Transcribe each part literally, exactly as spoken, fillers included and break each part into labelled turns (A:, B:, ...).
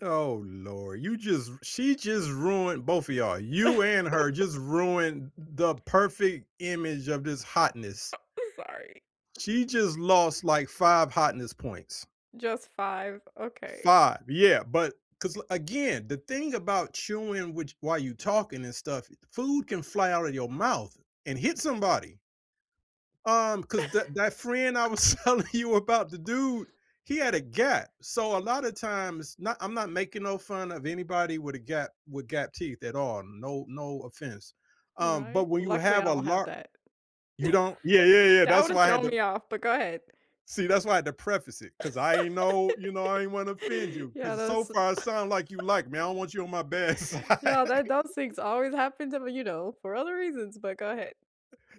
A: Oh Lord, you just she just ruined both of y'all you and her just ruined the perfect image of this hotness.
B: Uh I'm sorry.
A: She just lost, like, five hotness points.
B: Just five, okay.
A: five, yeah, but cause l again, the thing about chewing which while you talking and stuff i food can fly out of your mouth and hit somebody. Um, 'cause that that friend I was telling you about, the dude, he had a gap, so a lotta times not I'm not making no fun of anybody with a gap with gap teeth at all, no no offense, um, but
B: Right.
A: when you
B: Luckily,
A: have
B: I
A: a
B: don't have
A: lar
B: that.
A: You don't Yeah, yeah, yeah,
B: That
A: that's
B: would have
A: why I had
B: thrown
A: to
B: me off, but go ahead.
A: See, that's why I had to preface it, 'cause I ain't no you know, I ain't wanna offend you,
B: Yeah,
A: 'cause so
B: that's a t
A: far it sound like you like me, I don't want you on my bad side.
B: Yeah, that those things always happen to me, you know, for other reasons, but go ahead.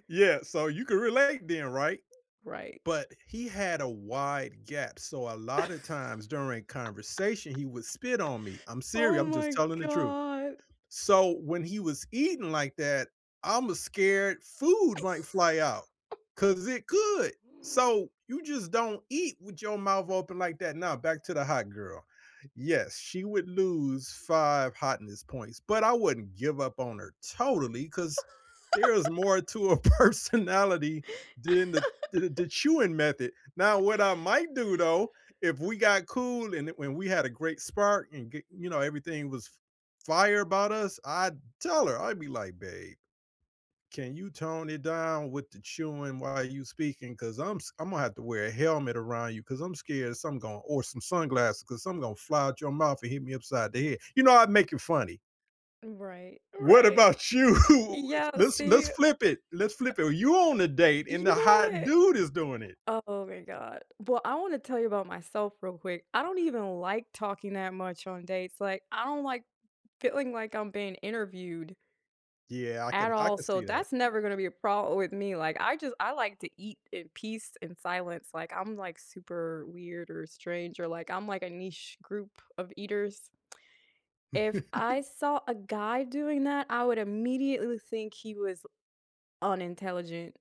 A: Yeah, so you can relate then, right?
B: Right.
A: But he had a wide gap, so a lotta times during conversation, he would spit on me. I'm seriou
B: Oh,
A: I'm just
B: my
A: telling the truth.
B: god.
A: So when he was eating like that, I’m a scared food might fly out, 'cause it could. So, you just don't eat with your mouth open like that. Now, back to the hot girl, yes, she would lose five hotness points, but I wouldn't give up on her totally, 'cause there is more to a personality than the the the chewing method, now what I might do though, if we got cool and it when we had a great spark and g you know, everything was f fire about us, I'd tell her, I'd be like, "Babe, can you tone it down with the chewing while you speaking, 'cause I'm s Imma have to wear a helmet around you 'cause I'm scared of something gon or some sunglasses 'cause something gonna fly out your mouth and hit me upside the head." You know, I'd make it funny.
B: Right,
A: What
B: right. Uh
A: about you? If
B: yeah,
A: Let's let's
B: see
A: flip it, let's flip it, you on a date and the
B: You know
A: hot
B: what
A: dude is doing it.
B: Oh my god. Well, I wanna tell you about myself real quick, I don't even like talking that much on dates, like, I don't like feeling like I'm being interviewed
A: Yeah, I
B: at
A: can I
B: all,
A: can
B: so
A: see that.
B: that's never gonna be a problem with me, like, I just I like to eat in peace and silence, like, I'm like super weird or strange or like I'm like a niche group of eaters. If I saw a guy doing that, I would immediately think he was l unintelligent.